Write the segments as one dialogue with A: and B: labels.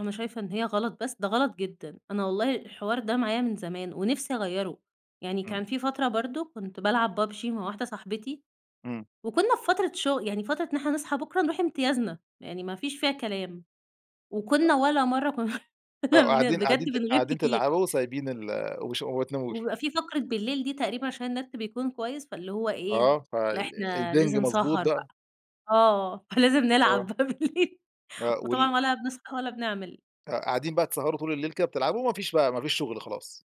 A: أنا شايفة إن هي غلط بس؟! ده غلط جدًا، أنا والله الحوار ده معايا من زمان ونفسي أغيره، يعني
B: امم.
A: كان في فترة برضه كنت بالعب PUBG مع واحدة صاحبتي،
B: امم.
A: وكنا في فترة شغ يعني فترة إن إحنا نصحى بكره نروح امتيازنا، يعني ما فيش فيها كلام، وكنا
B: [unintelligible]
A: ولا مرة
B: آه،
A: كن
B: قاعدين
A: بجد
B: قاعدين ت
A: بنغيب
B: قاعدين
A: كتير.
B: تلعبوا وسايبين ال وش وما بتناموش.
A: وبيبقى في فقرة بالليل دي، تقريبًا عشان النت بيكون كويس، فاللي هو إيه؟
B: آه، ف آآ،
A: لأ
B: ال ال
A: إحنا
B: البنج
A: لازم
B: مضبوط
A: سهر
B: بقى.
A: بقى، آه فلازم
B: آه.
A: نلعب بقى بالليل
B: آه وال
A: وطبعًا ولا بنصحى ولا بنعمل.
B: آه، قاعدين بقى تسهروا طول الليل كده بتلعبوا، وما فيش بقى ما فيش شغل خلاص.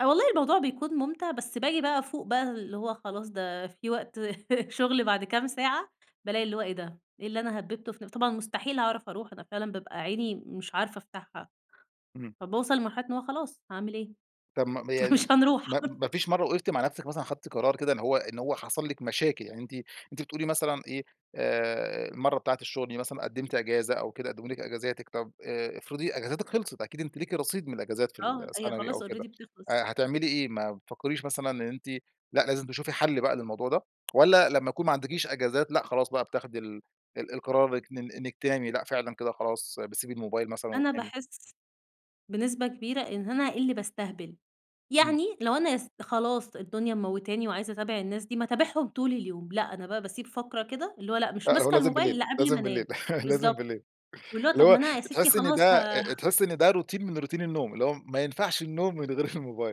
A: والله الموضوع بيكون ممتع، بس باجي بقى افوق بقى اللي هو خلاص ده في وقت شغل بعد كام ساعة بالاقي اللي هو إيه ده! إيه اللي أنا هببته ف طبعًا مستحيل هاعرف أروح أنا فعلًا بابقى عيني مش عارفة أفتحها.
B: امم.
A: فباوصل لمرحلة إن هو خلاص هاعمل إيه؟
B: طب ما ما يعني
A: مش هنروح.
B: ما ما فيش مرة وقفتِ مع نفسِك مثلًا خدتِ قرار كده إن هو إن هو حصل لِك مشاكل يعني أنتِ أنتِ بتقولي مثلًا إيه ،آآ، المرة بتاعة الشغل دي مثلًا قدمتِ إجازة، أو كده قدموا لِك إجازاتِك طب آآ، افرضي إجازاتِك خلصت، أكيد أنتِ ليكِ رصيد من الإجازات في ال
A: آه، هي
B: سنوي أو
A: خلاص
B: كده،
A: already بتخلص.
B: هتعملي إيه؟ ما بتفكريش مثلًا إن أنتِ لأ، لازم تشوفي حل بقى للموضوع ده؟ والّا لما يكون ما عندكيش إجازات لأ خلاص بقى بتاخدي ال ال القرار إنِك تنامي، لأ فعلًا كده خلاص بتسيبي الموبايل مثلًا
A: أنا
B: وتنامي؟
A: باحس بنسبة كبيرة إن أنا اللي بأستهبل،
B: امم.
A: يعني لو أنا أس خلاص الدنيا مموتاني وعايزة أتابع الناس دي ما اتابعهم طول اليوم، لأ، أنا بقى باسيب فقرة كده اللي هو لأ، مش
B: لأ هو
A: ماسكة
B: لازم
A: الموبايل
B: بالليل،
A: إلَّا قبل ما
B: لازم بالليل
A: أنام،
B: لازم
A: بالضبط
B: بالليل،
A: واللي هو
B: اللي
A: طب ما
B: هو
A: أنا يا ستي
B: تحسي إن
A: خلاص
B: ده
A: ه
B: تحسي إن ده روتين من روتين النوم اللي هو ما ينفعش النوم من غير الموبايل.